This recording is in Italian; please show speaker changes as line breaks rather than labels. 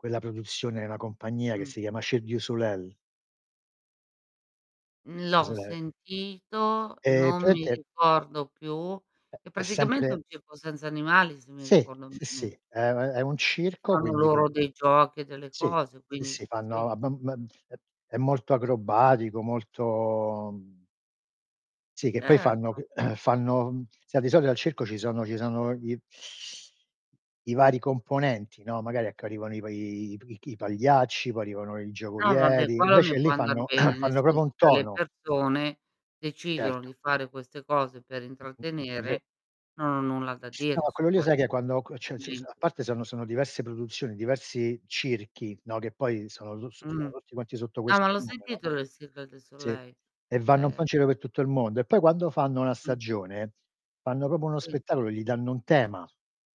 Quella produzione è una compagnia che
Mh.
si chiama Cirque du Soleil.
Mhmm, l'ho
[unintelligible]
sentito,
Ehm,
non mi
praticamente
ricordo più.
Ehm,
È
è
praticamente
sempre
un circo senza animali se mi
Sì,
ricordo
sì,
bene.
sì, è è è un
Che
circo,
fanno
quindi tu
loro dei giochi e delle
Sì,
cose
sì,
quindi
sì,
sì.
fanno ab m è è molto acrobatico, molto sì che poi fanno
Certo.
que fanno, mhmm, sai di solito al circo ci sono ci sono gli i vari componenti, non magari ecco arrivano i pa i p i chi i pagliacci, poi arrivano i
No vabbè
giocolieri,
quello
invece
mi può
lì
andar
fanno
bene, nel
fanno proprio un
senso che le
tono.
persone decidono
Certo.
di fare queste cose per
Mh-mh è ve
intrattenere, non ho nulla da
No
dire su
quello lì sai che
quello.
quando co cioè s s
Mhmm.
a parte sono sono diverse produzioni, diversi circhi, no, che poi sono tu s sono
Mhmm.
tutti quanti sotto
Ah
questo
ma l'ho
numero,
sentito le Cirque du
sì
Soleil,
e vanno un po' in
ehm
giro per tutto il mondo, e po' quando fanno una
Mh.
stagione, fanno proprio uno
Mhmm.
spettacolo e gli danno un tema.